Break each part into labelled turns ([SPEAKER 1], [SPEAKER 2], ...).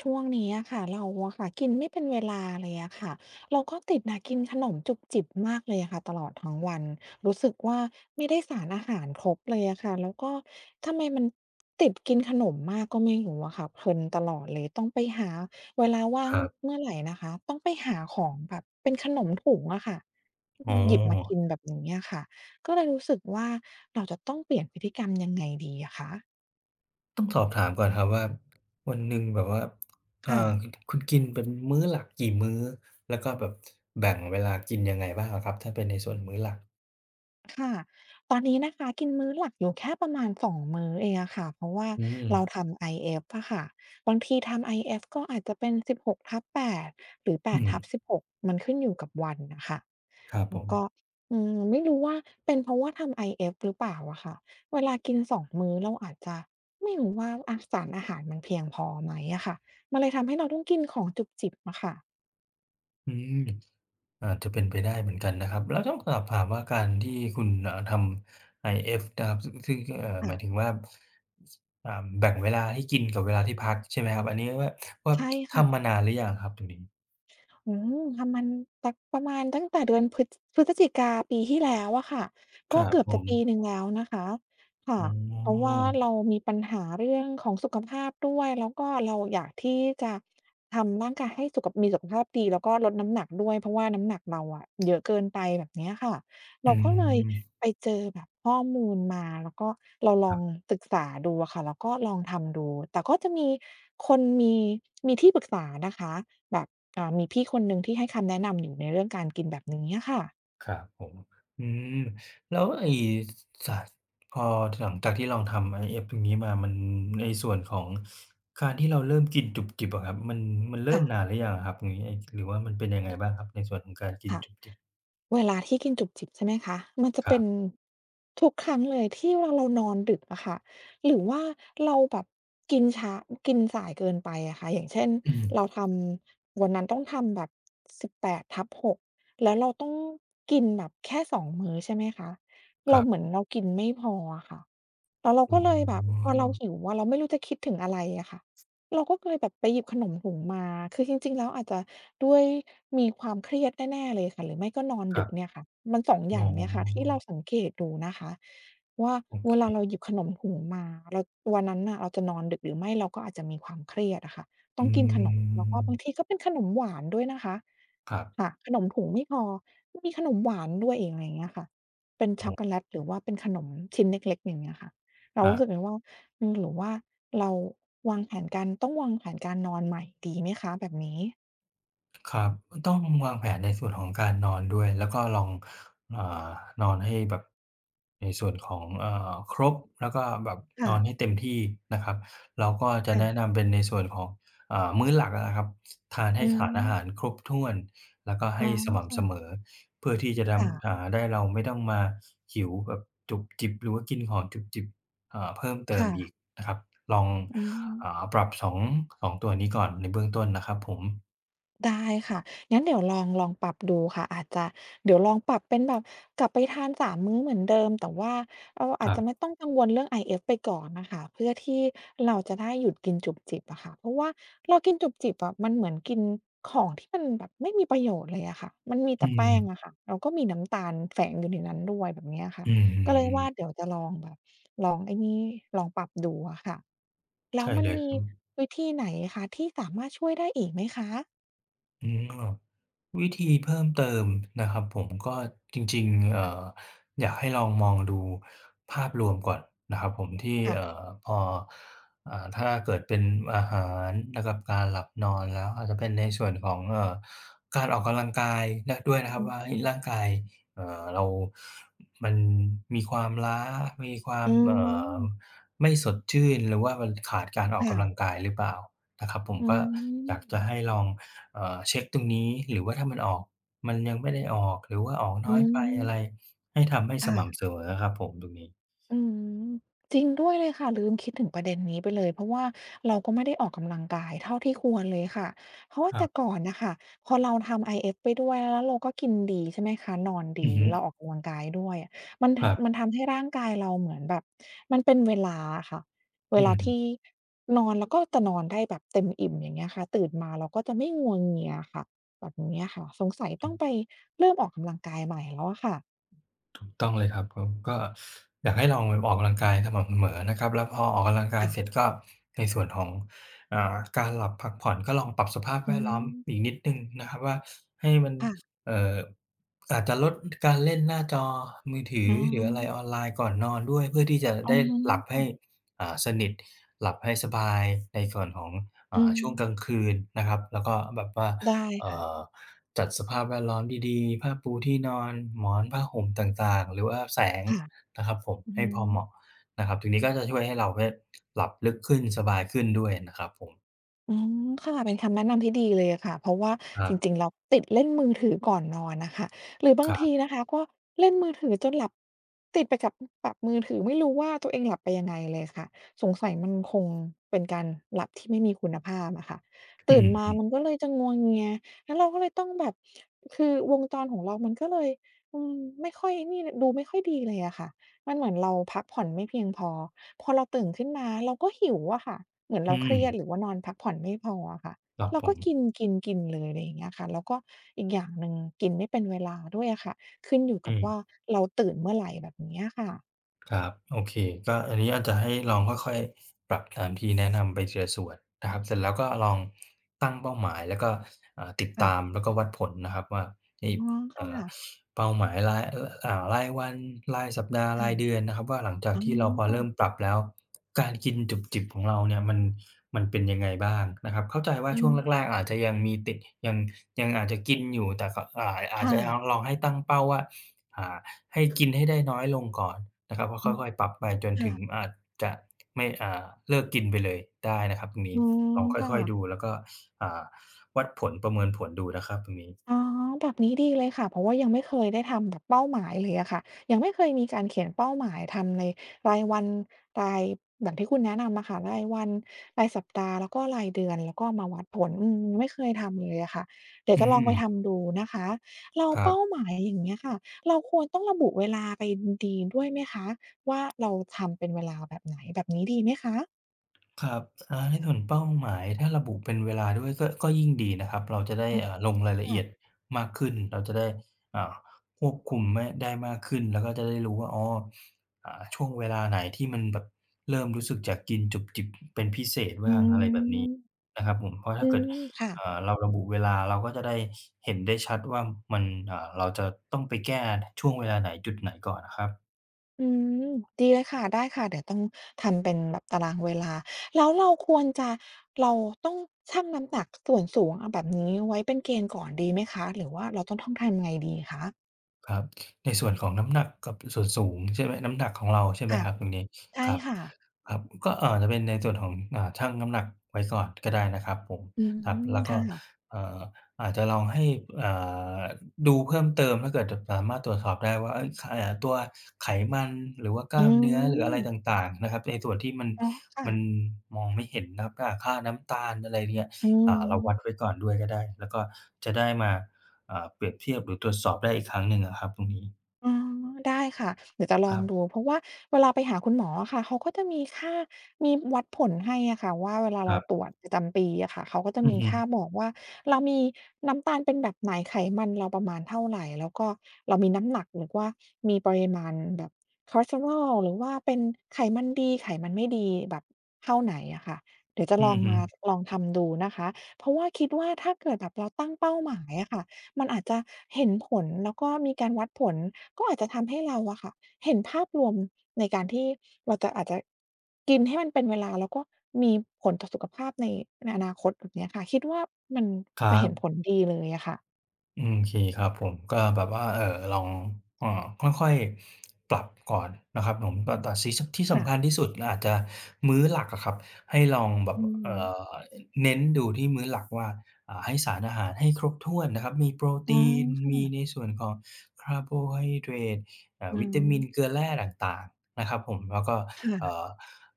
[SPEAKER 1] ช่วงนี้อะค่ะ เราอะค่ะกินไม่เป็นเวลาเลยอะค่ะ เราก็ติดน่ะ กินขนมจุบจิบมากเลยอะค่ะตลอดทั้งวัน รู้สึกว่าไม่ได้สารอาหารครบเลยอะค่ะ แล้วก็ ทำไมมัน ติดกินขนมมากก็ไม่รู้อะค่ะ? เพลินตลอดเลย ต้องไปหา เวลาว่า
[SPEAKER 2] ค
[SPEAKER 1] ง
[SPEAKER 2] ร
[SPEAKER 1] อ
[SPEAKER 2] ับ
[SPEAKER 1] เมื่อไหร่นะคะ ต้องไปหาของแบบเป็นขนมถุงอะค่ะ อ
[SPEAKER 2] อ
[SPEAKER 1] อ
[SPEAKER 2] ๋
[SPEAKER 1] ื
[SPEAKER 2] อ
[SPEAKER 1] ม หยิบมากินแบบนี้อะค่ะ ก็เลยรู้สึกว่า เราจะต้องเปลี่ยนพฤติกรรม ยังไงดีอะคะ?
[SPEAKER 2] ต้องสอบถามก่อนครับว่า วันหนึ่งแบบว่า
[SPEAKER 1] ค
[SPEAKER 2] อ่า
[SPEAKER 1] ่ะ
[SPEAKER 2] คุณ คุณกินเป็นมื้อหลักกี่มื้อ? แล้วก็แบบแบ่งเวลากินยังไงบ้างอะครับ? ถ้าเป็นในส่วนมื้อหลัก
[SPEAKER 1] ค่ะ ตอนนี้นะคะ กินมื้อหลักอยู่แค่ประมาณ 2 มื้อเองอะค่ะ เพราะว่า
[SPEAKER 2] อื
[SPEAKER 1] เรา
[SPEAKER 2] ม
[SPEAKER 1] ทำ IF อะค่ะ บางทีทำ IF ก็อาจจะเป็น 16/8 หรือ แป
[SPEAKER 2] อื
[SPEAKER 1] ดทับ
[SPEAKER 2] ม
[SPEAKER 1] สิบหก มันขึ้นอยู่กับวันอะค่ะ
[SPEAKER 2] ครับ
[SPEAKER 1] แล
[SPEAKER 2] ผ
[SPEAKER 1] ้วก
[SPEAKER 2] ม
[SPEAKER 1] ็ อืม ไม่รู้ว่าเป็นเพราะว่าทำ IF หรือเปล่าอะค่ะ เวลากิน 2 มื้อ เราอาจจะ ไม่รู้ว่า อะ สารอาหารมันเพียงพอไหมอะค่ะ มันเลยทำให้เราต้องกินของจุบจิบอะค่ะ
[SPEAKER 2] อือ อาจจะเป็นไปได้เหมือนกันนะครับ แล้วต้องสอบถามว่า การที่คุณ อ่า ทำ IF นะครับ ซึ่ง ซึ่ง ซึ่ง เอ่อ ห
[SPEAKER 1] ค
[SPEAKER 2] ม
[SPEAKER 1] ่
[SPEAKER 2] าย
[SPEAKER 1] ะ
[SPEAKER 2] ถึงว่า อ่า แบ่งเวลาให้กินกับเวลาที่พักใช่ไหมครับ? อันนี้ไว้ว่า ว่า
[SPEAKER 1] ใช
[SPEAKER 2] บ
[SPEAKER 1] ่
[SPEAKER 2] ท
[SPEAKER 1] ค่
[SPEAKER 2] ำมา
[SPEAKER 1] ะ
[SPEAKER 2] นานหรือยังครับตรงนี้?
[SPEAKER 1] อืม ทำมัน สักประมาณตั้งแต่เดือนพฤศ พฤศจิกาปีที่แล้วอะค่ะ
[SPEAKER 2] ค
[SPEAKER 1] ก็
[SPEAKER 2] รั
[SPEAKER 1] เก
[SPEAKER 2] บ
[SPEAKER 1] ือบ
[SPEAKER 2] ผ
[SPEAKER 1] จะปี
[SPEAKER 2] ม
[SPEAKER 1] หนึ่งแล้วนะคะ ค่ะ
[SPEAKER 2] อ๋
[SPEAKER 1] เพราะว่าเ
[SPEAKER 2] อ
[SPEAKER 1] รามีปัญหาเรื่องของสุขภาพด้วย แล้วก็เราอยากที่จะทำร่างกายให้สุขะ มีสุขภาพดี แล้วก็ลดน้ำหนักด้วย เพราะว่าน้ำหนักเราอะเยอะเกินไป แบบเนี้ยค่ะ
[SPEAKER 2] อ
[SPEAKER 1] เ
[SPEAKER 2] ื
[SPEAKER 1] ราก็เลย
[SPEAKER 2] ม
[SPEAKER 1] ไปเจอแบบข้อมูลมา แล้วก็เราล
[SPEAKER 2] ค
[SPEAKER 1] อ
[SPEAKER 2] ร
[SPEAKER 1] ง
[SPEAKER 2] ับ
[SPEAKER 1] ศึกษาดูอะค่ะ แล้วก็ลองทำดู แต่ก็จะมีคน มี มีที่ปรึกษานะคะ แบบ อ่า มีพี่คนหนึ่งที่ให้คำแนะนำอยู่ในเรื่องการกินแบบนี้อะค่ะ
[SPEAKER 2] ครับผม อืม แล้วไอ้ ซ สะ พอ ท หลังจากที่ลองทำ IF ตรงนี้มา มัน ในส่วนของ การที่เราเริ่มกินจุบจิบอะครับ มัน มันเริ
[SPEAKER 1] ค
[SPEAKER 2] ่
[SPEAKER 1] ่
[SPEAKER 2] ม
[SPEAKER 1] ะ
[SPEAKER 2] นานหรือยังอะครับตรงนี้? ไอ้ หรือว่ามันเป็นยังไงบ้างครับ ในส่วนของการกิน
[SPEAKER 1] ค่ะ
[SPEAKER 2] จุบจิบ?
[SPEAKER 1] เวลาที่กินจุบจิบใช่ไหมคะ? มันจะ
[SPEAKER 2] ค
[SPEAKER 1] เ
[SPEAKER 2] ร
[SPEAKER 1] ป
[SPEAKER 2] ั
[SPEAKER 1] ็
[SPEAKER 2] บ
[SPEAKER 1] น ทุกครั้งเลย ที่เวลาเรานอนดึกอะค่ะ หรือว่าเราแบบกินช้า อ กินสายเกินไปอะค่ะ อย่างเช่น
[SPEAKER 2] อื
[SPEAKER 1] เร
[SPEAKER 2] ม
[SPEAKER 1] าทำ วันนั้นต้องทำแบบ 18/6 แล้วเราต้องกินแบบแค่ 2 มื้อ ใช่ไหมคะ เ
[SPEAKER 2] ค
[SPEAKER 1] รา
[SPEAKER 2] รับ
[SPEAKER 1] เหมือนเรากินไม่พออะค่ะ แล้วเรา
[SPEAKER 2] อ๋
[SPEAKER 1] ก็เลยแบบพอเรา
[SPEAKER 2] อ
[SPEAKER 1] หิวอะ เราไม่รู้จะคิดถึงอะไรอะค่ะ เราก็ ก็เลยแบบไปหยิบขนมถุงมา คือจริง ๆ แล้วอาจจะด้วย มีความเครียดแน่ ๆ เลยค่ะ หรือไม่ก็นอน
[SPEAKER 2] ค
[SPEAKER 1] ด
[SPEAKER 2] ร
[SPEAKER 1] ึ
[SPEAKER 2] ั
[SPEAKER 1] ก
[SPEAKER 2] บ
[SPEAKER 1] เนี่ยค่ะ มัน 2 อย
[SPEAKER 2] อ
[SPEAKER 1] ่า
[SPEAKER 2] ๋
[SPEAKER 1] งเนี่ยค่ะ ที่เรา
[SPEAKER 2] อ
[SPEAKER 1] สังเกตดูนะคะว่า
[SPEAKER 2] โอ
[SPEAKER 1] เว
[SPEAKER 2] เ
[SPEAKER 1] ลาเร
[SPEAKER 2] ค
[SPEAKER 1] าหยิบขนมถุงมา แล้ววันนั้นน่ะเราจะนอนดึก หรือไม่เราก็อาจจะมีความเครียดอะค่ะต้
[SPEAKER 2] อ
[SPEAKER 1] อ
[SPEAKER 2] ื
[SPEAKER 1] งกินขนม แล้วก็บาง
[SPEAKER 2] ม
[SPEAKER 1] ทีก็เป็นขนมหวานด้วยนะคะ
[SPEAKER 2] ครับ
[SPEAKER 1] ค่ะ ขนมถุงไม่พอ ยังมีขนมหวานด้วยอีก อะไรอย่างเงี้ยค่ะ เป็นช
[SPEAKER 2] โ
[SPEAKER 1] ็อก
[SPEAKER 2] อ
[SPEAKER 1] โกแลต หรือว่าเป็นขนมชิ้นเล็ก ๆ อย่างเงี้ยค่ะ เรา
[SPEAKER 2] คร
[SPEAKER 1] ร
[SPEAKER 2] ั
[SPEAKER 1] ู้
[SPEAKER 2] บ
[SPEAKER 1] สึกเลยว่า อืม หรือว่าเราวางแผนการ ต้องวางแผนการนอนใหม่ดีไหมคะ แบบนี้?
[SPEAKER 2] ครับ อ ต้องอือวางแผนในส่วนของการนอนด้วย แล้วก็ลอง อ่า นอนให้แบบ ในส่วนของ อ่า ครบแล้วก็แบบ
[SPEAKER 1] ค่
[SPEAKER 2] นอน
[SPEAKER 1] ะ
[SPEAKER 2] ให้เต็มที่นะครับ แล้วก็จ
[SPEAKER 1] ค
[SPEAKER 2] ะ
[SPEAKER 1] ่
[SPEAKER 2] แนะ
[SPEAKER 1] ะ
[SPEAKER 2] นำเป็นในส่วนของ เอ่อ มื้อหลักอะนะครับ ทานให
[SPEAKER 1] อื
[SPEAKER 2] ้สารอาห
[SPEAKER 1] ม
[SPEAKER 2] ารครบถ้วน แล้วก็ใ
[SPEAKER 1] อ
[SPEAKER 2] ห
[SPEAKER 1] ๋
[SPEAKER 2] ้
[SPEAKER 1] อ
[SPEAKER 2] สม่
[SPEAKER 1] ค
[SPEAKER 2] ำ
[SPEAKER 1] ่
[SPEAKER 2] เส
[SPEAKER 1] ะ
[SPEAKER 2] มอ เพื่อที่จะด
[SPEAKER 1] ค่ะ
[SPEAKER 2] ำ อ่า ได้ เราไม่ต้องมาหิวแบบจุบจิบ หรือว่ากินหองจุบจิบ อ่า เพิ่มเติ
[SPEAKER 1] ค
[SPEAKER 2] ม
[SPEAKER 1] ่
[SPEAKER 2] อีก
[SPEAKER 1] ะ
[SPEAKER 2] นะครับ ลอง
[SPEAKER 1] อือฮ
[SPEAKER 2] อ่
[SPEAKER 1] ึ
[SPEAKER 2] า ปรับ 2- 2 ตัวนี้ก่อนในเบื้องต้นนะครับผม
[SPEAKER 1] ได้ค่ะ งั้นเดี๋ยวลอง ลองปรับดูค่ะ อาจจะ เดี๋ยวลองปรับเป็นแบบกลับไปทาน 3 มื้อเหมือนเดิม แต่ว่า เออ อ
[SPEAKER 2] ค
[SPEAKER 1] าจ
[SPEAKER 2] รั
[SPEAKER 1] จ
[SPEAKER 2] บ
[SPEAKER 1] ะไม่ต้องกังวลเรื่อง IF ไปก่อนน่ะค่ะ เพื่อที่เราจะได้หยุดกินจุบจิบอะค่ะ เพราะว่าเรากินจุบจิบอะ มันเหมือนกินของที่มันแบบไม่มีประโยชน์เลยอะค่ะ มันมีแ
[SPEAKER 2] อ
[SPEAKER 1] ต
[SPEAKER 2] ื
[SPEAKER 1] ่แป้ง
[SPEAKER 2] ม
[SPEAKER 1] อะค่ะ แล้วก็มีน้ำตาลแฝงอยู่ในนั้นด้วย แบบเนี้ยอะค่ะ
[SPEAKER 2] อื
[SPEAKER 1] ก็เลย
[SPEAKER 2] ม
[SPEAKER 1] ว่า
[SPEAKER 2] ๆ ๆ
[SPEAKER 1] เดี๋ยวจะลองแบบ ลองไอ้นี่ ลองปรับ ดูอะค่ะ แล
[SPEAKER 2] ใช
[SPEAKER 1] ้ว
[SPEAKER 2] ่
[SPEAKER 1] มั
[SPEAKER 2] เ
[SPEAKER 1] น
[SPEAKER 2] ลย
[SPEAKER 1] มี
[SPEAKER 2] ครับ
[SPEAKER 1] วิธีไหนคะที่สามารถช่วยได้อีกไหมคะ?
[SPEAKER 2] อือ อ้อ วิธีเพิ่มเติมนะครับผม ก็จริง ๆ เอ่
[SPEAKER 1] ค่ะ
[SPEAKER 2] อ อยากให้ลองมองดูภาพรวมก่อนนะครับผม ที่
[SPEAKER 1] ค่
[SPEAKER 2] เอ
[SPEAKER 1] ะ
[SPEAKER 2] ่อ พอ อ่า ถ้าเกิดเป็นอาหารนะครับ การหลับนอนแล้ว อาจจะเป็นในส่วนของ เอ่อ การออกกำลังกายนะ ด้วยน
[SPEAKER 1] อื
[SPEAKER 2] ะ
[SPEAKER 1] อ
[SPEAKER 2] คร
[SPEAKER 1] ฮ
[SPEAKER 2] ับว
[SPEAKER 1] ึ
[SPEAKER 2] ่า ไอ้ร่างกาย เอ่อ เรา อ มันมีความล้า มีควา
[SPEAKER 1] อื
[SPEAKER 2] ม เอ่อ
[SPEAKER 1] ม
[SPEAKER 2] ไม่สดชื่น หรือว่ามันขาดการอ
[SPEAKER 1] ค
[SPEAKER 2] อกก
[SPEAKER 1] ่
[SPEAKER 2] ำลั
[SPEAKER 1] ะ
[SPEAKER 2] งกายหรือเปล่า? นะครับผม
[SPEAKER 1] อื
[SPEAKER 2] ก็อยาก
[SPEAKER 1] ม
[SPEAKER 2] จะให้ลอง เอ่อ เช็กตรงนี้ หรือว่าถ้ามันออก มันยังไม่ได้ออก หรือว่าออก
[SPEAKER 1] อ
[SPEAKER 2] น
[SPEAKER 1] ื
[SPEAKER 2] ้อยไปอะไร
[SPEAKER 1] ม
[SPEAKER 2] ให้ทำให้
[SPEAKER 1] ค
[SPEAKER 2] ส
[SPEAKER 1] ่
[SPEAKER 2] ม่
[SPEAKER 1] ะ
[SPEAKER 2] ำเสมออะครับผม ตรงนี้
[SPEAKER 1] อืม จริงด้วยเลยค่ะ ลืมคิดถึงประเด็นนี้ไปเลย เพราะว่าเราก็ไม่ได้ออกกำลังกายเท่าที่ควรเลยค่ะ เพราะว่า
[SPEAKER 2] ค
[SPEAKER 1] แ
[SPEAKER 2] รั
[SPEAKER 1] ต่
[SPEAKER 2] บ
[SPEAKER 1] ก่อนน่ะค่ะ พอเราทำ IF ไปด้วย ล แล้วเราก็กินดี ใช่ไหมคะ นอนด
[SPEAKER 2] อื
[SPEAKER 1] ี
[SPEAKER 2] อฮึ
[SPEAKER 1] เราออกกำลังกายด้วย มัน ท
[SPEAKER 2] ครับ
[SPEAKER 1] มันทำให้ร่างกายเราเหมือนแบบมันเป็นเวลาอะค่ะ เว
[SPEAKER 2] อื
[SPEAKER 1] ลาท
[SPEAKER 2] ม
[SPEAKER 1] ี่ นอนเราก็จะนอนได้แบบ เต็มอิ่ม อย่างเงี้ยค่ะ ตื่นมาเราก็จะไม่งัวเงียอะค่ะ แบบเนี้ยค่ะ สงสัยต้องไปเริ่มออกกำลังกายใหม่แล้วอะค่ะ
[SPEAKER 2] ถูกต้องเลยครับผม ก็อยากให้ลองไป ออกกำลังกายสม่ำเสมอนะครับ แล้วพอออกกำลังกา
[SPEAKER 1] ค
[SPEAKER 2] ย
[SPEAKER 1] ่ะ
[SPEAKER 2] เสร็จ ก็ในส่วนของ อ่า การหลับพักผ่อน ก็ลองปรับสภาพ
[SPEAKER 1] อ
[SPEAKER 2] แ
[SPEAKER 1] ื
[SPEAKER 2] วดล้อม
[SPEAKER 1] ม
[SPEAKER 2] อีกนิดหนึ่งนะครับว่า ให้มัน
[SPEAKER 1] ค่ะ
[SPEAKER 2] เอ่อ อาจจะลด อ การเล่นหน้าจอมือถื
[SPEAKER 1] อ
[SPEAKER 2] อ
[SPEAKER 1] ๋อ
[SPEAKER 2] หรืออะไรออนไลน์ก่อนนอนด้วย เพื่อที่จะ
[SPEAKER 1] อ๋
[SPEAKER 2] ได
[SPEAKER 1] อ
[SPEAKER 2] ้หลับ
[SPEAKER 1] ค
[SPEAKER 2] ให
[SPEAKER 1] ่
[SPEAKER 2] ้
[SPEAKER 1] ะ
[SPEAKER 2] อ่า สนิท หลับให้สบาย ในส่วนของ อ
[SPEAKER 1] อ
[SPEAKER 2] ่
[SPEAKER 1] ื
[SPEAKER 2] า ช่วงกลา
[SPEAKER 1] ม
[SPEAKER 2] งคืนนะครับ แล้วก็แบบว่า
[SPEAKER 1] ได้
[SPEAKER 2] เอ่
[SPEAKER 1] ค่ะ
[SPEAKER 2] อ จัดสภาพแวดล้อมดี ๆ ผ้าปูที่นอน หมอน ผ้าห่มต่าง ๆ หรือว่าแสง
[SPEAKER 1] ค่ะ
[SPEAKER 2] นะครับผม
[SPEAKER 1] อือ
[SPEAKER 2] ให
[SPEAKER 1] ฮ
[SPEAKER 2] ้พอเหมา
[SPEAKER 1] ึ
[SPEAKER 2] ะนะครับ ตรงนี้ก็จะช่วยให้เราเนี่ย หลับลึกขึ้น สบายขึ้นด้วยนะครับผม
[SPEAKER 1] อืม ค่ะ เป็นคำแนะนำที่ดีเลยอะค่ะ เพราะว่า
[SPEAKER 2] ครั
[SPEAKER 1] จ
[SPEAKER 2] บ
[SPEAKER 1] ริง ๆ แล้วติด เล่นมือถือก่อนนอนน่ะ ค่ะ หรือบา
[SPEAKER 2] ค
[SPEAKER 1] ง
[SPEAKER 2] ร
[SPEAKER 1] ท
[SPEAKER 2] ับ
[SPEAKER 1] ีนะคะ ก็เล่นมือถือจนหลับ ติดไปกับ อ แบบมือถือไม่รู้ว่าตัวเองหลับไปยังไงเลยค่ะ สงสัยมันคงเป็นการหลับที่ไม่มีคุณภาพอะค่ะ
[SPEAKER 2] อ
[SPEAKER 1] ต
[SPEAKER 2] ื
[SPEAKER 1] ื่นมา
[SPEAKER 2] อ ๆ
[SPEAKER 1] มันก็เลยจะงัวเงีย แล้วเราก็เลยต้องแบบ คือวงจรของเรามันก็เลย อืม ไม่ค่อยไอ้นี่ ดูไม่ค่อยดีเลยอะค่ะ มันเหมือนเราพักผ่อนไม่เพียงพอ พอเราตื่นขึ้นมา เราก็หิวอะค่ะ เหมือน
[SPEAKER 2] อ
[SPEAKER 1] เ
[SPEAKER 2] ื
[SPEAKER 1] ราเครียด
[SPEAKER 2] ม
[SPEAKER 1] หรือว่านอนพักผ่อนไม่พออะค่ะ
[SPEAKER 2] ครับ
[SPEAKER 1] เรา
[SPEAKER 2] ผ
[SPEAKER 1] ก็
[SPEAKER 2] ม
[SPEAKER 1] กิน ๆ ๆ เลย อะไรอย่างเงี้ยค่ะ แล้วก็อีกอย่างหนึ่ง กินไม่เป็นเวลาด้วยอะค่ะ ขึ้นอยู่
[SPEAKER 2] อื
[SPEAKER 1] กับว
[SPEAKER 2] ม
[SPEAKER 1] ่า เราตื่นเมื่อไหร่ แบบเนี้ยอะค่ะ
[SPEAKER 2] ครับ โอเค ก็อันนี้อาจจะให้ลองค่อย ๆ ปรับตามที่ แนะนำไปทีละส่วนนะครับ เสร็จแล้วก็ลองตั้งเป้าหมาย แล้วก็ อ่า ติด
[SPEAKER 1] ค่
[SPEAKER 2] ตา
[SPEAKER 1] ะ
[SPEAKER 2] ม แล้วก็วัดผลนะครับว่า ไอ้
[SPEAKER 1] อ๋อ ค
[SPEAKER 2] เอ
[SPEAKER 1] ่
[SPEAKER 2] ่อ
[SPEAKER 1] ะ
[SPEAKER 2] เป้าหมายราย เอ๊อะ อ่า รายวัน รายสัปดาห์
[SPEAKER 1] ค่
[SPEAKER 2] ร
[SPEAKER 1] ะ
[SPEAKER 2] ายเดือนนะครับว่า หลังจา
[SPEAKER 1] อ
[SPEAKER 2] ก
[SPEAKER 1] ๋อ
[SPEAKER 2] ที่เราพอ
[SPEAKER 1] ค่
[SPEAKER 2] เริ่
[SPEAKER 1] ะ
[SPEAKER 2] มปรับแล้ว การกินจุบจิบของเราเนี่ย มัน มันเป็นยังไงบ้าง? นะครับ เข้าใจว่
[SPEAKER 1] อ
[SPEAKER 2] าช
[SPEAKER 1] ื
[SPEAKER 2] ่วง
[SPEAKER 1] ม
[SPEAKER 2] แรก ๆ อาจจะยังมีติด ยัง ยังอาจจะกินอยู่แต่กะ อ่าย อ
[SPEAKER 1] ค
[SPEAKER 2] าจ
[SPEAKER 1] ่
[SPEAKER 2] จะย
[SPEAKER 1] ะ
[SPEAKER 2] อง ลองให้ตั้งเป้าว่า อ่า ให้กินให้ได้น้อยลงก่อนนะครับ ก็
[SPEAKER 1] อืม
[SPEAKER 2] ค่อย ๆ ปรับไปจน
[SPEAKER 1] ค
[SPEAKER 2] ถ
[SPEAKER 1] ่
[SPEAKER 2] ึง
[SPEAKER 1] ะ
[SPEAKER 2] อาจจะ ไม่ อ่า เลิกกินไปเลย ได้นะครับตรงนี
[SPEAKER 1] อ๋
[SPEAKER 2] ้
[SPEAKER 1] อ
[SPEAKER 2] ลองค่
[SPEAKER 1] ค่
[SPEAKER 2] อย ๆ
[SPEAKER 1] ะ
[SPEAKER 2] ดูแล้วก็ อ่า วัดผลประเมินผลดูนะครับ ตรงนี้
[SPEAKER 1] อ๋อ แบบนี้ดีเลยค่ะ เพราะว่ายังไม่เคยได้ทำแบบเป้าหมายเลยอะค่ะ ยังไม่เคยมีการเขียนเป้าหมายทำในรายวัน ราย อย่างที่คุณแนะนำอะค่ะ รายวัน รายสัปดาห์ แล้วก็รายเดือน แล้วก็มาวัดผล อืม ไม่เคยทำเลยอะค่ะ เดี๋ย
[SPEAKER 2] อ
[SPEAKER 1] ว
[SPEAKER 2] ื
[SPEAKER 1] จะลองไป
[SPEAKER 2] ม
[SPEAKER 1] ทำดูนะคะ แล้ว
[SPEAKER 2] คร
[SPEAKER 1] เ
[SPEAKER 2] ั
[SPEAKER 1] ป
[SPEAKER 2] บ
[SPEAKER 1] ้าหมายอย่างเงี้ยค่ะ เราควรต้องระบุเวลาไป อ ดีด้วยไหมคะว่า เราทำเป็นเวลาแบบไหน? แบบนี้ดีไหมคะ?
[SPEAKER 2] ครับ อ่า ให้ส่วนเป้าหมาย ถ้าระบุเป็นเวลาด้วยก็ ก็ยิ่งดีนะครับ เราจะได้
[SPEAKER 1] อืม
[SPEAKER 2] อ่า ลงรายล
[SPEAKER 1] ค
[SPEAKER 2] ะ
[SPEAKER 1] ่
[SPEAKER 2] เอีย
[SPEAKER 1] ะ
[SPEAKER 2] ดมากขึ้น เราจะได้ อ่า ควบคุมไม่ ได้มากขึ้น แล้วก็จะได้รู้ว่า อ๋อ อ่า ช่วงเวลาไหนที่มันแบบเริ่มรู้สึกอยากกินจุบจิบ เป็นพิเศษ
[SPEAKER 1] อ
[SPEAKER 2] บ
[SPEAKER 1] ื
[SPEAKER 2] ้าง อะไ
[SPEAKER 1] ม
[SPEAKER 2] รแบบนี้นะครับผม เพราะถ
[SPEAKER 1] อ
[SPEAKER 2] ้
[SPEAKER 1] ื
[SPEAKER 2] าเกิ
[SPEAKER 1] ม
[SPEAKER 2] ด
[SPEAKER 1] ค่ะ
[SPEAKER 2] อ่า เราระบุเวลาเราก็จะได้เห็นได้ชัดว่า มัน อ่า เราจะต้องไปแก้ อ ช่วงเวลาไหน จุดไหนก่อนอะครับ
[SPEAKER 1] อืม ดีเลยค่ะ ได้ค่ะ เดี๋ยวต้องทำเป็นแบบตารางเวลา แล้วเราควรจะ เราต้องชั่งน้ำหนัก ส่วนสูง เอาแบบนี้ ไว้เป็นเกณฑ์ก่อนดีไหมคะ? หรือว่าเราต้อง ท่องทำยังไงดีคะ?
[SPEAKER 2] ครับ ในส่วนของน้ำหนักกับ อ ส่วนสูงใช่ไหม น้ำหนักของเราใช่ไ
[SPEAKER 1] ค
[SPEAKER 2] หม
[SPEAKER 1] ่ะ
[SPEAKER 2] ครับตรงนี้?
[SPEAKER 1] ใช่
[SPEAKER 2] ครับ
[SPEAKER 1] ค่ะ
[SPEAKER 2] ครับ ก็อาจจะ เป็นในส่วนของ อ่า ชั่งน้ำหนักไว้ก่อนก็ได้นะครับผม
[SPEAKER 1] อืม
[SPEAKER 2] ครับ แล้ว
[SPEAKER 1] ค
[SPEAKER 2] ก็
[SPEAKER 1] ่ะ
[SPEAKER 2] เอ่อ อาจจะลองให้ อ่า ดูเพิ่มเติม ถ้าเกิดจะสามารถตรวจสอบได้ว่า เฮ้ย ขะหยา ตัวไขมัน หรือว่ากล
[SPEAKER 1] อ
[SPEAKER 2] ้
[SPEAKER 1] ื
[SPEAKER 2] ามเนื้อ หรืออะไร
[SPEAKER 1] ม
[SPEAKER 2] ต่าง ๆ นะครับ ในส่วนที่มัน
[SPEAKER 1] อ๋อ ค่
[SPEAKER 2] ม
[SPEAKER 1] ะ
[SPEAKER 2] ันมองไม่เห็นนะครับ ก็ อะ ค่าน้ำตาล อะไรเงี้ย
[SPEAKER 1] อื
[SPEAKER 2] อ่า เราว
[SPEAKER 1] ม
[SPEAKER 2] ัดไว้ก่อนด้วยก็ได้ แล้วก็จะได้มา อ่า เปรียบเทียบ หรือตรวจสอบได้อีกครั้งหนึ่งอะครับ ตรงนี้
[SPEAKER 1] อ๋อ ได้ค่ะ เดี๋ยวจะล
[SPEAKER 2] ค
[SPEAKER 1] อ
[SPEAKER 2] ร
[SPEAKER 1] ง
[SPEAKER 2] ับ
[SPEAKER 1] ดู เพราะว่าเวลาไปหาคุณหมออะค่ะ เขาก็จะมีค่า มี อ วัดผลให้อะค่ะว่า เวลา
[SPEAKER 2] ค
[SPEAKER 1] เร
[SPEAKER 2] ร
[SPEAKER 1] า
[SPEAKER 2] ับ
[SPEAKER 1] ตรวจประจำปีอะค่ะ เขาก็จะ
[SPEAKER 2] อื
[SPEAKER 1] ม
[SPEAKER 2] อ
[SPEAKER 1] ี
[SPEAKER 2] ฮึ
[SPEAKER 1] ค่าบอกว่า เรามีน้ำตาลเป็นแบบไหน ไขมันเราประมาณเท่าไร แล้วก็เรามีน้ำหนัก หรือว่ามีปริมาณแบบคอเลสเทอรอล หรือว่าเป็นไขมันดี ไขมันไม่ดีแบบเท่าไหนอะค่ะ เดี๋ยวจะ
[SPEAKER 2] อื
[SPEAKER 1] ลอ
[SPEAKER 2] อ
[SPEAKER 1] ง
[SPEAKER 2] ฮึ
[SPEAKER 1] มา ท ลองทำดูนะคะ เพราะว่าคิดว่า ถ้าเกิดแบบเราตั้งเป้าหมายอะค่ะ มันอาจจะเห็นผล แล้วก็มีการวัดผล ก็อาจจะทำให้เราอะค่ะ เห็นภาพรวมในการที่เราจะ อาจจะ กินให้มันเป็นเวลาแล้วก็มีผลต่อสุขภาพใน ในอนาคต แบบเนี้ยอะค่ะ คิดว่ามัน
[SPEAKER 2] ครั
[SPEAKER 1] จะเห็น
[SPEAKER 2] บ
[SPEAKER 1] ผลดีเลยอะค่ะ
[SPEAKER 2] โอเค ครับผม ก็แบบว่า เอ่อ ลอง เอ่อ ค่อย ๆ ปรับก่อนนะครับผม แต่ แต่สี ส ที่ส
[SPEAKER 1] ค่
[SPEAKER 2] ำค
[SPEAKER 1] ะ
[SPEAKER 2] ัญที่สุดน่ะ อาจจะมื้อหลักอะครับ ให้ลองแบ
[SPEAKER 1] อ
[SPEAKER 2] บ
[SPEAKER 1] ือฮ
[SPEAKER 2] อ่
[SPEAKER 1] ึ
[SPEAKER 2] า เน้นดูที่มื้อ หลักว่า อ่า ให้สารอาหารให้ครบถ้วนนะครับ มีโปร
[SPEAKER 1] อ
[SPEAKER 2] ต
[SPEAKER 1] ๋อ
[SPEAKER 2] ีน
[SPEAKER 1] ค่
[SPEAKER 2] มี
[SPEAKER 1] ะ
[SPEAKER 2] ในส่วนของคาร์โบไฮเดรต อ่
[SPEAKER 1] อ
[SPEAKER 2] า
[SPEAKER 1] ื
[SPEAKER 2] วิตามิน
[SPEAKER 1] ม
[SPEAKER 2] เกลือแร่ต่าง ๆ นะครับผม แล้วก็
[SPEAKER 1] ค่
[SPEAKER 2] เอ่
[SPEAKER 1] ะ
[SPEAKER 2] อ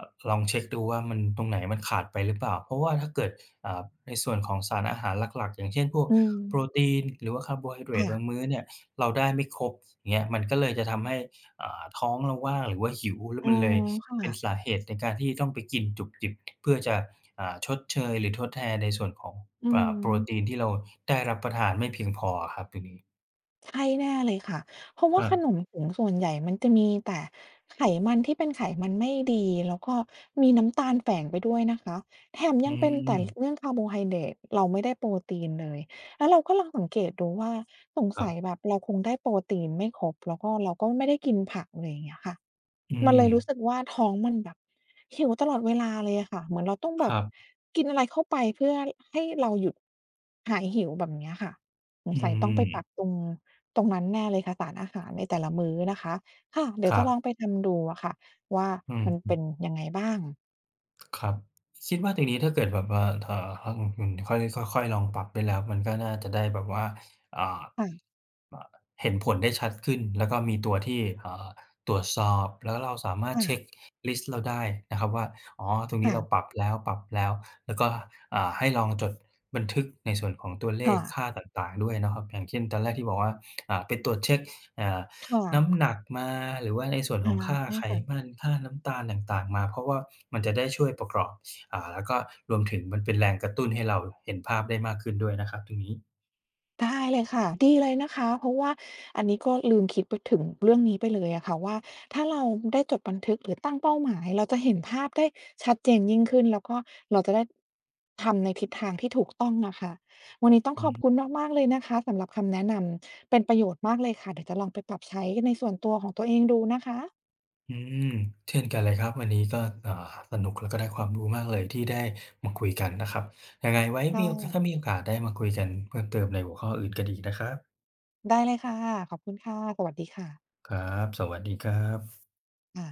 [SPEAKER 2] อ ลองเช็กดูว่ามัน ตรงไหนมันขาดไปหรือเปล่า เพราะว่าถ้าเกิด อ่า ในส่วนของสารอาหารหลัก ๆ อย่างเช่น พวก
[SPEAKER 1] อื
[SPEAKER 2] โป
[SPEAKER 1] อ
[SPEAKER 2] รตีน หรือว่าคาร์โบไฮเดร
[SPEAKER 1] ค่
[SPEAKER 2] ตบา
[SPEAKER 1] ะ
[SPEAKER 2] งมื้อเนี่ย เราได้ไม่ครบ เงี้ย มันก็เลยจะทำให้ อ่า ท้องเราว่างหรือว่าหิว แล้ว
[SPEAKER 1] อ๋
[SPEAKER 2] ม
[SPEAKER 1] อ
[SPEAKER 2] ันเลย
[SPEAKER 1] ค่
[SPEAKER 2] เป็น
[SPEAKER 1] ะ
[SPEAKER 2] สาเหตุในการที่จะต้องไปกินจุบจิบ เพื่อจะ อ่า ชดเชยหรือทดแทนในส่วนของ
[SPEAKER 1] อื
[SPEAKER 2] อ
[SPEAKER 1] อ
[SPEAKER 2] ่
[SPEAKER 1] ฮ
[SPEAKER 2] า โปร
[SPEAKER 1] ึ
[SPEAKER 2] ตีนที่เราได้รับประทานไม่เพียงพออะครับ ตรงนี้
[SPEAKER 1] ใช่แน่เลยค่ะ เพราะว
[SPEAKER 2] ค
[SPEAKER 1] ่า
[SPEAKER 2] ร
[SPEAKER 1] ขน
[SPEAKER 2] ับ
[SPEAKER 1] มถุงส่วนใหญ่มันจะมีแต่ไขมันที่เป็นไขมันไม่ดี แล้วก็มีน้ำตาลแฝงไปด้วยนะคะ แถม
[SPEAKER 2] อื
[SPEAKER 1] ยังเป็นไต๋
[SPEAKER 2] ม
[SPEAKER 1] เรื่องคาร์โบไฮเดรต เราไม่ได้โปรตีนเลย แล้วเราก็ลองสังเกตดูว่า สง
[SPEAKER 2] คร
[SPEAKER 1] ส
[SPEAKER 2] ั
[SPEAKER 1] ัย
[SPEAKER 2] บ
[SPEAKER 1] แบบเราคงได้โปรตีนไม่ครบ แล้วก็เราก็ไม่ได้กินผัก อะไรอย่างเงี้ยค่ะ
[SPEAKER 2] อื
[SPEAKER 1] มันเลยรู้
[SPEAKER 2] ม
[SPEAKER 1] สึกว่า ท้องมันแบบหิวตลอดเวลาเลยอะค่ะ เหมือนเราต้องแบ
[SPEAKER 2] ค
[SPEAKER 1] บ
[SPEAKER 2] รับ
[SPEAKER 1] กินอะไรเข้าไป เพื่อให้ ให้เราหยุด หายหิวแบบเนี้ยค่ะ สง
[SPEAKER 2] อื
[SPEAKER 1] สัยต้องไปปรั
[SPEAKER 2] ม
[SPEAKER 1] บตรง ตรงนั้นแน่เลยค่ะ สารอาหารในแต่ละมื้อนะคะ ค่ะ เดี๋
[SPEAKER 2] ค
[SPEAKER 1] ยว
[SPEAKER 2] ร
[SPEAKER 1] จ
[SPEAKER 2] ั
[SPEAKER 1] ะ
[SPEAKER 2] บ
[SPEAKER 1] ลองไปทำดูอะค่ะว่า
[SPEAKER 2] อืม
[SPEAKER 1] มัน
[SPEAKER 2] อื
[SPEAKER 1] เป็
[SPEAKER 2] อ
[SPEAKER 1] นยังไงบ้าง
[SPEAKER 2] ครับ คิดว่าตรงนี้ ถ้าเกิดแบบว่า ถ่า ฮะ อือฮือ ค่อย ค่อย ๆ ลองปรับได้แล้ว มันก็น่าจะได้แบบว่า อ่า
[SPEAKER 1] ค่ะ
[SPEAKER 2] อ่า เห็นผลได้ชัดขึ้น แล้วก็มีตัวที่ อ่า ตรวจสอบแล้วเราสามาร
[SPEAKER 1] ค
[SPEAKER 2] ถ
[SPEAKER 1] ่
[SPEAKER 2] เช็
[SPEAKER 1] ะ
[SPEAKER 2] กลิสต์เราได้นะครับว่า "อ๋อ ตรงน
[SPEAKER 1] ค
[SPEAKER 2] ี้
[SPEAKER 1] ่
[SPEAKER 2] เร
[SPEAKER 1] ะ
[SPEAKER 2] าปรับแล้ว ปรับแล้ว" แล้วก็ อ่า ให้ลองจดบันทึกในส่วนของตัวเล
[SPEAKER 1] ค่
[SPEAKER 2] ข
[SPEAKER 1] ะ
[SPEAKER 2] ค่าต่าง ๆ ด้วยเนาะครับ อย่างเช่น ตอนแรกที่บอกว่า อ่า ไปตรวจเช็ก อ่า
[SPEAKER 1] ค่
[SPEAKER 2] น้
[SPEAKER 1] ะ
[SPEAKER 2] ำหนักมา หรือว่าในส่วน
[SPEAKER 1] อ
[SPEAKER 2] ข
[SPEAKER 1] า
[SPEAKER 2] องค่า
[SPEAKER 1] ใช่
[SPEAKER 2] ไข
[SPEAKER 1] ค่ะ
[SPEAKER 2] มัน ค่าน้ำตาลต่าง ๆ มา เพราะว่ามันจะได้ช่วยประกอบ อ่า แล้วก็ รวมถึงมันเป็นแรงกระตุ้นให้เราเห็นภาพได้มากขึ้นด้วยนะครับ ตรงนี้
[SPEAKER 1] ได้เลยค่ะ ดีเลยนะคะ เพราะว่าอันนี้ก็ลืมคิดไปถึงเรื่องนี้ไปเลยอะค่ะว่า ถ้าเรา อ ได้จดบันทึกหรือตั้งเป้าหมาย เราจะเห็นภาพได้ชัดเจนยิ่งขึ้น แล้วก็เราจะได้ ทำในทิศทางที่ถูกต้องนะคะ วันนี้ต้อง
[SPEAKER 2] อื
[SPEAKER 1] ข
[SPEAKER 2] อ
[SPEAKER 1] อบ
[SPEAKER 2] ฮึ
[SPEAKER 1] คุณมาก ๆ เลยนะคะสำหรับคำแนะนำ เป็นประโยชน์มากเลยค่ะ เดี๋ยวจะลองไปปรับใช้ในส่วนตัวของตัวเองดูนะคะ
[SPEAKER 2] อืม เช่นกันเลยครับ วันนี้ก็ อ่า สนุก แล้วก็ได้ความรู้มากเลย ที่ได้มาคุยกันนะครับ ยังไงไว้
[SPEAKER 1] ค
[SPEAKER 2] ม
[SPEAKER 1] ่
[SPEAKER 2] ีโอ ก ถ้
[SPEAKER 1] ะ
[SPEAKER 2] ามีโอกาสได้มาคุยกันเพิ่มเติมในหัวข้ออื่นกันอีกนะครับ
[SPEAKER 1] ได้เลยค่ะ ขอบคุณค่ะ สวัสดีค่ะ
[SPEAKER 2] ครับ สวัสดี ครับ
[SPEAKER 1] ค่ะ